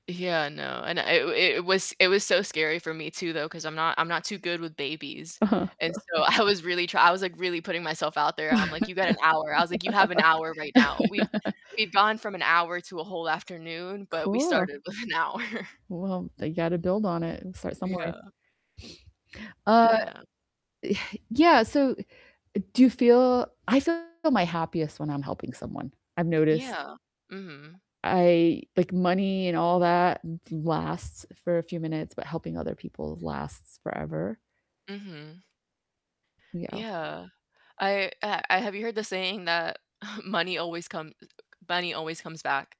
Yeah, no, and it it was it was so scary for me too though, 'cause I'm not I'm not too good with babies. Uh-huh. And so I was really try I was, like, really putting myself out there. I'm, like, "You got an hour." I was, like, "You have an hour right now." We've we've gone from an hour to a whole afternoon, but, we Cool. started with an hour. Well, you gotta build on it and start somewhere. Yeah. Uh, Yeah. eh, yeah, so do you feel I feel my happiest when I'm helping someone, I've noticed. Yeah. Mhm. I like money and all that l lasts for a few minutes, but helping other people lasts forever. Mhm. Yeah. Yeah. I, uh, I have you heard the saying that money always come money always comes back?